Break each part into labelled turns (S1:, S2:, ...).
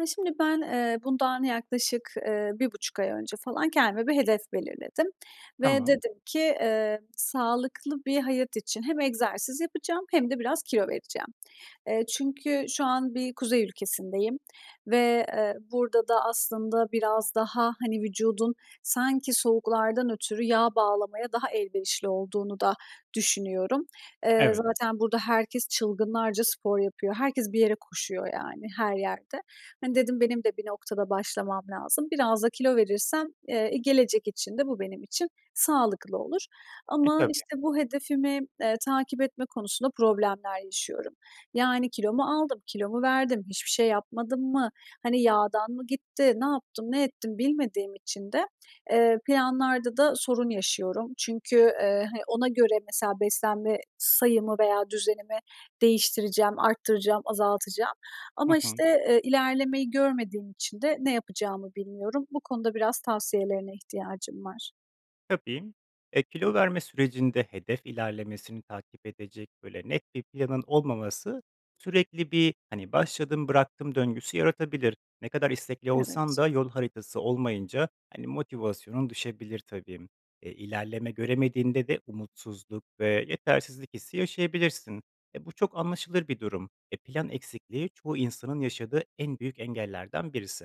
S1: Ya, şimdi ben, eee, bundan yaklaşık, eee, 1,5 ay önce falan kendime bir hedef belirledim ve
S2: Tamam.
S1: dedim ki, eee, sağlıklı bir hayat için hem egzersiz yapacağım hem de biraz kilo vereceğim. Eee, çünkü şu an bir kuzey ülkesindeyim ve, eee, burada da aslında biraz daha, hani, vücudun sanki soğuklardan ötürü yağ bağlamaya daha elverişli olduğunu da düşünüyorum. Eee,
S2: Evet.
S1: zaten burada herkes çılgınlarca spor yapıyor, herkes bir yere koşuyor, yani, her yerde. Hani, dedim benim de bir noktada başlamam lazım. Biraz da kilo verirsem, eee, gelecek için de bu benim için sağlıklı olur
S2: E,
S1: ama,
S2: tabii.
S1: işte, bu hedefimi, eee, takip etme konusunda problemler yaşıyorum. Yani, kilo mu aldım, kilo mu verdim, hiçbir şey yapmadım mı, hani, yağdan mı gitti, ne yaptım, ne ettim bilmediğim için de, eee, planlarda da sorun yaşıyorum. Çünkü, eee, hani, ona göre mesela beslenme sayımı veya düzenimi değiştireceğim, arttıracağım, azaltacağım
S2: Hı
S1: ama,
S2: hı.
S1: işte, eee, ilerlemeyi görmediğim için de ne yapacağımı bilmiyorum. Bu konuda biraz tavsiyelerine ihtiyacım var.
S2: Tabii. Eee, kilo verme sürecinde hedef ilerlemesini takip edecek böyle net bir planın olmaması sürekli bir, hani, başladım bıraktım döngüsü yaratabilir. Ne kadar istekli olsan
S1: Evet.
S2: da yol haritası olmayınca, hani, motivasyonun düşebilir tabii. Eee, ilerleme göremediğinde de umutsuzluk ve yetersizlik hissi yaşayabilirsin. Eee, bu çok anlaşılır bir durum. Eee, plan eksikliği çoğu insanın yaşadığı en büyük engellerden birisi.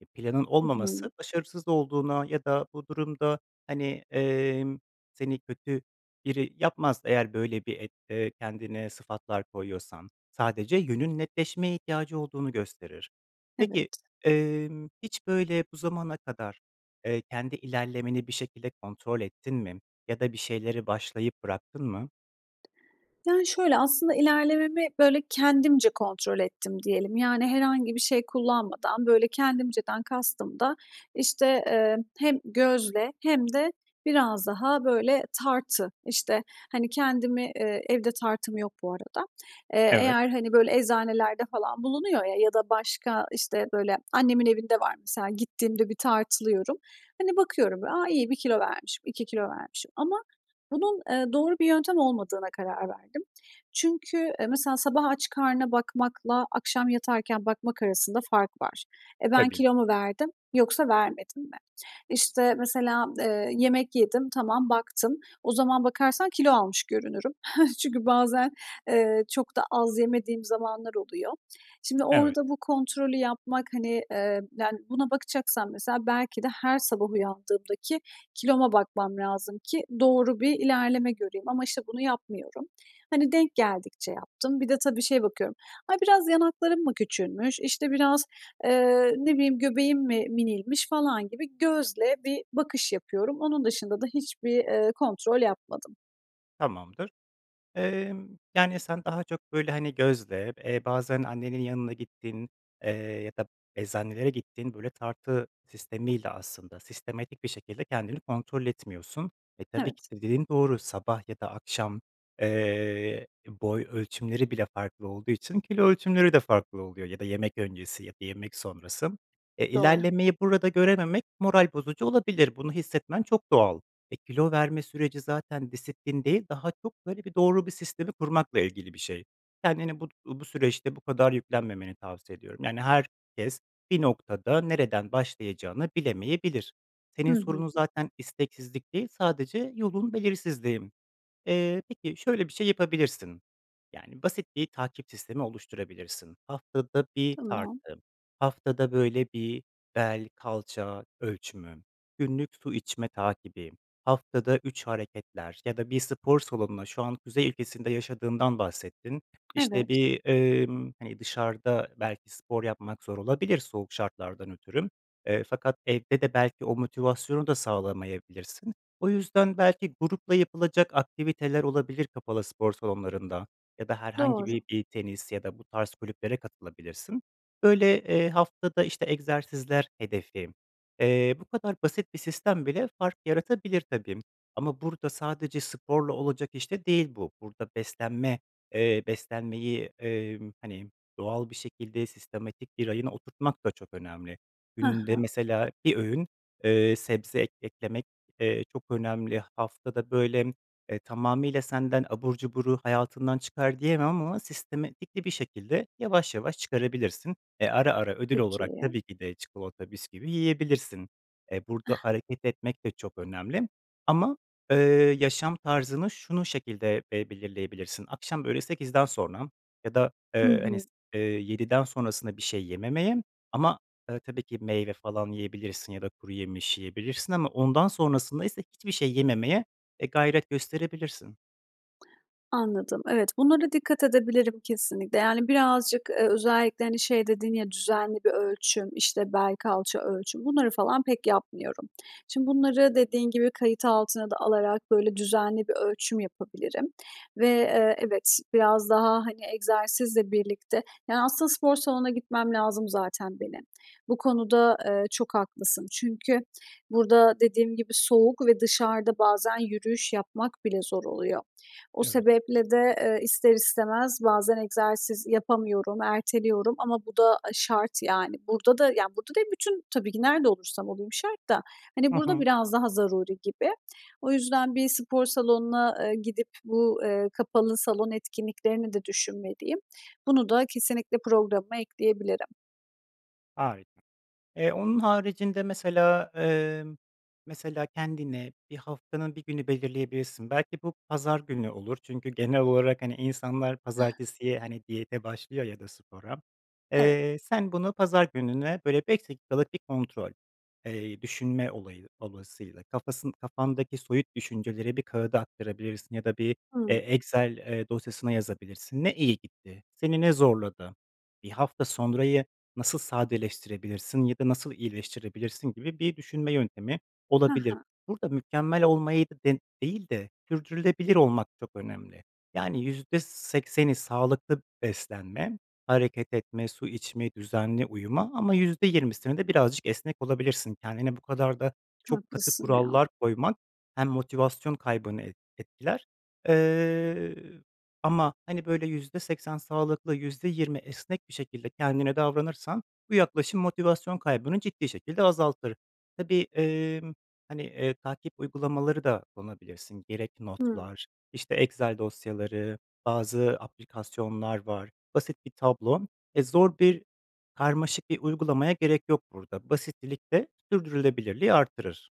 S2: Eee, planın
S1: Hı hı.
S2: olmaması başarısız olduğuna ya da bu durumda, hani, emm, seni kötü biri yapmaz; eğer böyle bir et eee, kendine sıfatlar koyuyorsan, sadece yönün netleşmeye ihtiyacı olduğunu gösterir. Peki,
S1: Evet.
S2: emm, hiç böyle bu zamana kadar, eee, kendi ilerlemeni bir şekilde kontrol ettin mi ya da bir şeyleri başlayıp bıraktın mı?
S1: Yani, şöyle aslında, ilerlememi böyle kendimce kontrol ettim diyelim. Yani, herhangi bir şey kullanmadan böyle; kendimceden kastım da işte, eee, hem gözle hem de biraz daha böyle tartı. İşte, hani, kendimi, eee, evde tartım yok bu arada. Eee,
S2: Evet.
S1: eğer, hani, böyle eczanelerde falan bulunuyor ya ya da başka işte, böyle annemin evinde var mesela, gittiğimde bir tartılıyorum. Hani, bakıyorum; a, 1 kilo vermişim, 2 kilo vermişim ama bunun, eee, doğru bir yöntem olmadığına karar verdim. Çünkü, eee, mesela sabah aç karnına bakmakla akşam yatarken bakmak arasında fark var. E, ben
S2: Tabii.
S1: kilo mu verdim yoksa vermedim mi? İşte, mesela, eee, yemek yedim, tamam, baktım. O zaman bakarsan kilo almış görünürüm. Çünkü bazen, eee, çok da az yemediğim zamanlar oluyor. Şimdi
S2: Evet.
S1: orada bu kontrolü yapmak, hani, eee, yani buna bakacaksam mesela belki de her sabah uyandığımdaki kiloma bakmam lazım ki doğru bir ilerleme göreyim ama işte bunu yapmıyorum. Hani, denk geldikçe yaptım, bir de, tabii, şeye bakıyorum. Ay, biraz yanaklarım mı küçülmüş; işte, biraz, eee, ne bileyim göbeğim mi minilmiş falan gibi gözle bir bakış yapıyorum. Onun dışında da hiçbir, eee, kontrol yapmadım.
S2: Tamamdır, emm, yani, sen daha çok, böyle, hani, gözle, eee, bazen annenin yanına gittiğin, eee, ya da eczanelere gittiğin böyle tartı sistemiyle aslında sistematik bir şekilde kendini kontrol etmiyorsun. E, tabii ki
S1: Evet.
S2: de dediğin doğru, sabah ya da akşam, eee, boy ölçümleri bile farklı olduğu için kilo ölçümleri de farklı oluyor ya da yemek öncesi ya da yemek sonrası. Eee,
S1: Doğru.
S2: ilerlemeyi burada görememek moral bozucu olabilir, bunu hissetmen çok doğal. Eee, kilo verme süreci zaten disiplin değil, daha çok böyle bir doğru bir sistemi kurmakla ilgili bir şey. Kendini but uuu, bu süreçte bu kadar yüklenmemeni tavsiye ediyorum. Yani, herkes bir noktada nereden başlayacağını bilemeyebilir. Senin
S1: Hı hı.
S2: sorunun zaten isteksizlik değil, sadece yolun belirsizliği. Eee, peki, şöyle bir şey yapabilirsin, yani, basit bir takip sistemi oluşturabilirsin, haftada bir
S1: Tamam.
S2: tartı, haftada, böyle, bir bel, kalça ölçümü, günlük su içme takibi, haftada 3 hareketler ya da bir spor salonuna, şu an kuzey ülkesinde yaşadığından bahsettin. İşte,
S1: Evet.
S2: bir, emm, hani, dışarıda belki spor yapmak zor olabilir soğuk şartlardan ötürü, eee, fakat evde de belki o motivasyonu da sağlamayabilirsin. O yüzden belki grupla yapılacak aktiviteler olabilir kapalı spor salonlarında ya da herhangi
S1: Doğru.
S2: bir bir tenis ya da bu tarz kulüplere katılabilirsin. Böyle, eee, haftada, işte, egzersizler hedefi, eee, bu kadar basit bir sistem bile fark yaratabilir tabii ama burada sadece sporla olacak iş de değil bu. Burada beslenme, eee, beslenmeyi, emm, hani, doğal bir şekilde sistematik bir rayına oturtmak da çok önemli.
S1: Hı
S2: Günde
S1: hı.
S2: mesela bir öğün, eee, sebze ek eklemek, eee, çok önemli. Haftada, böyle, eee, tamamıyla senden abur cuburu hayatından çıkar diyemem ama sistematikli bir şekilde yavaş yavaş çıkarabilirsin. Eee, ara ara ödül olarak
S1: Peki.
S2: tabii ki de çikolata, bisküvi yiyebilirsin. Eee, burada hareket etmek de çok önemli ama, eee, yaşam tarzını, şunu şekilde be belirleyebilirsin, akşam, böyle, 8'den sonra ya da,
S1: Hı
S2: eee, hani,
S1: hı.
S2: s eee, 7'den sonrasına bir şey yememeye ama, eee, tabii ki meyve falan yiyebilirsin ya da kuruyemiş yiyebilirsin ama ondan sonrasındaysa hiçbir şey yememeye, eee, gayret gösterebilirsin.
S1: Anladım. Evet. Bunlara dikkat edebilirim kesinlikle, yani, birazcık, eee, özellikle, hani, şey dedin ya, düzenli bir ölçüm, işte, bel, kalça ölçüm bunları falan pek yapmıyorum. Şimdi bunları dediğin gibi kayıt altına da alarak, böyle, düzenli bir ölçüm yapabilirim ve, eee, evet, biraz daha, hani, egzersizle birlikte, yani, aslında spor salonuna gitmem lazım zaten benim. Bu konuda, eee, çok haklısın çünkü burada dediğim gibi soğuk ve dışarıda bazen yürüyüş yapmak bile zor oluyor. O
S2: Evet.
S1: sebeple de, eee, ister istemez bazen egzersiz yapamıyorum, erteliyorum ama bu da, aaa, şart yani. Burada da, yani, burada değil bütün tabii ki nerede olursam olayım şart da, hani,
S2: Hı
S1: burada
S2: hı.
S1: biraz daha zaruri gibi. O yüzden bir spor salonuna, eee, gidip bu, eee, kapalı salon etkinliklerini de düşünmeliyim. Bunu da kesinlikle programıma ekleyebilirim.
S2: Harika. Eee, onun haricinde mesela, emm, mesela kendine bir haftanın 1 günü belirleyebilirsin. Belki bu pazar günü olur çünkü genel olarak, hani, insanlar pazartesiye, hani, diyete başlıyor ya da spora.
S1: Evet.
S2: Eee, sen bunu pazar gününe, böyle, 5 dakikalık bir kontrol. Eee, düşünme olayı dolayısıyla, kafası kafandaki soyut düşünceleri bir kağıda aktarabilirsin ya da bir, eee,
S1: Hımm.
S2: Excel, eee, dosyasına yazabilirsin. Ne iyi gitti, seni ne zorladı, 1 hafta sonrayı nasıl sadeleştirebilirsin ya da nasıl iyileştirebilirsin gibi bir düşünme yöntemi
S1: Hı
S2: olabilir.
S1: hı.
S2: Burada mükemmel olmayı de değil de sürdürülebilir olmak çok önemli. Yani, %80'i sağlıklı beslenmek, hareket etmek, su içmek, düzenli uyumak ama %20'sini de birazcık esnek olabilirsin. Kendine bu kadar da çok katı
S1: Haklısın ya.
S2: kurallar koymak hem motivasyon kaybını et etkiler. Eee, ama, hani, böyle, %80 sağlıklı, %20 esnek bir şekilde kendine davranırsan bu yaklaşım motivasyon kaybını ciddi şekilde azaltır. Tabii, emm, hani, eee, takip uygulamaları da kullanabilirsin. Gerek
S1: Hımm.
S2: notlar, işte, Excel dosyaları, bazı aplikasyonlar var, basit bir tablo. E, zor bir, karmaşık bir uygulamaya gerek yok burada. Basitlilik de sürdürülebilirliği arttırır.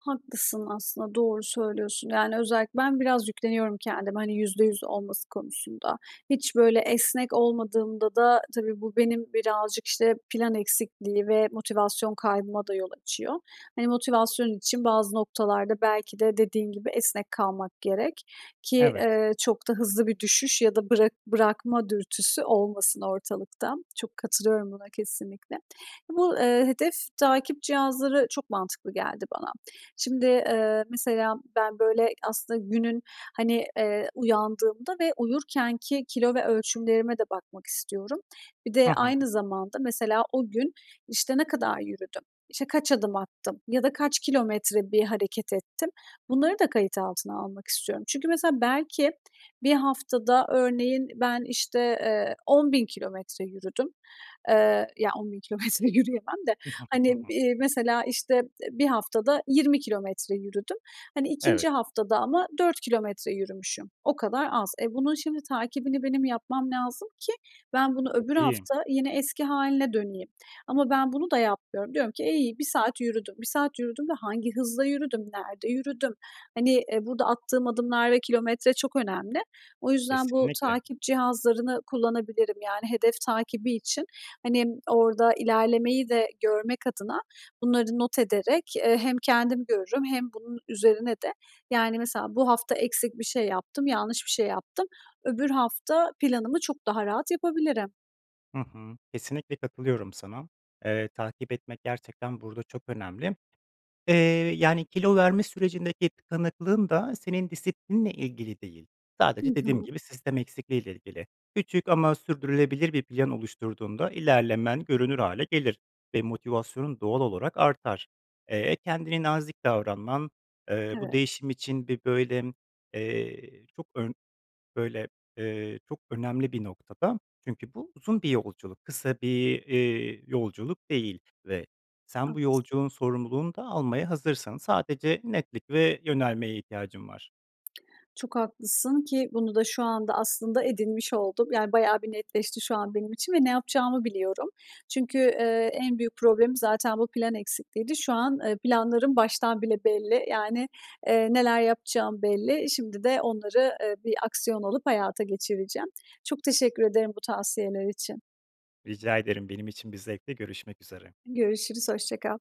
S1: Haklısın aslında, doğru söylüyorsun; yani, özellikle ben biraz yükleniyorum kendime, hani, %100 olması konusunda. Hiç böyle esnek olmadığımda da, tabii, bu benim birazcık, işte, plan eksikliği ve motivasyon kaybıma da yol açıyor. Hani, motivasyon için bazı noktalarda belki de, dediğin gibi, esnek kalmak gerek ki,
S2: Evet.
S1: eee, çok da hızlı bir düşüş ya da bırak bırakma dürtüsü olmasın ortalıkta. Çok katılıyorum buna, kesinlikle. Bu, eee, hedef takip cihazları çok mantıklı geldi bana. Şimdi, eee, mesela ben böyle aslında günün, hani, eee, uyandığımda ve uyurkenki kilo ve ölçümlerime de bakmak istiyorum. Bir
S2: Hı
S1: de
S2: hı.
S1: aynı zamanda, mesela, o gün, işte, ne kadar yürüdüm? İşte, kaç adım attım? Ya da kaç kilometre bir hareket ettim? Bunları da kayıt altına almak istiyorum. Çünkü, mesela, belki 1 haftada, örneğin, ben, işte, eee, 10 bin kilometre yürüdüm. Eee, ya 10 bin kilometre yürüyemem de, hani, bi mesela, işte, 1 haftada 20 kilometre yürüdüm. Hani, 2.
S2: Evet.
S1: haftada ama 4 kilometre yürümüşüm. O kadar az. E, bunun şimdi takibini benim yapmam lazım ki ben bunu öbür
S2: Tabii.
S1: hafta yine eski hâline döneyim. Ama ben bunu da yapmıyorum. Diyorum ki, e, iyi, 1 saat yürüdüm. 1 saat yürüdüm ve hangi hızla yürüdüm, nerede yürüdüm? Hani, eee, burada attığım adımlar ve kilometre çok önemli. O yüzden bu
S2: Kesinlikle.
S1: takip cihazlarını kullanabilirim; yani, hedef takibi için, hani, orada ilerlemeyi de görmek adına bunları not ederek, eee, hem kendim görürüm hem bunun üzerine de, yani, mesela bu hafta eksik bir şey yaptım, yanlış bir şey yaptım, öbür hafta planımı çok daha rahat yapabilirim.
S2: Hı hı. Kesinlikle katılıyorum sana. Eee, takip etmek gerçekten burada çok önemli, eee, yani kilo verme sürecindeki tıkanıklığın da senin disiplinle ilgili değil,
S1: Hı
S2: sadece dediğim
S1: hı.
S2: gibi sistem eksikliği ile ilgili. Küçük ama sürdürülebilir bir plan oluşturduğunda ilerlemen görünür hâle gelir ve motivasyonun doğal olarak artar. Eee, kendine nazik davranman, eee, bu
S1: Evet.
S2: değişim için, bi böyle, eee, çok ön böyle, eee, çok önemli bir noktada; çünkü bu uzun bir yolculuk, kısa bir, eee, yolculuk değil ve sen bu
S1: Haklısın.
S2: yolculuğun sorumluluğunu da almaya hazırsın, sadece netlik ve yönelmeye ihtiyacın var.
S1: Çok haklısın ki bunu da şu anda aslında edinmiş oldum. Yani, bayağı bir netleşti şu an benim için ve ne yapacağımı biliyorum. Çünkü, eee, en büyük problemim zaten bu plan eksikliğiydi. Şu an, eee, planlarım baştan bile belli. Yani, eee, neler yapacağım belli. Şimdi de onları, eee, bir aksiyon alıp hayata geçireceğim. Çok teşekkür ederim bu tavsiyeler için.
S2: Rica ederim. Benim için bir zevkti. Görüşmek üzere.
S1: Görüşürüz, hoşça kal.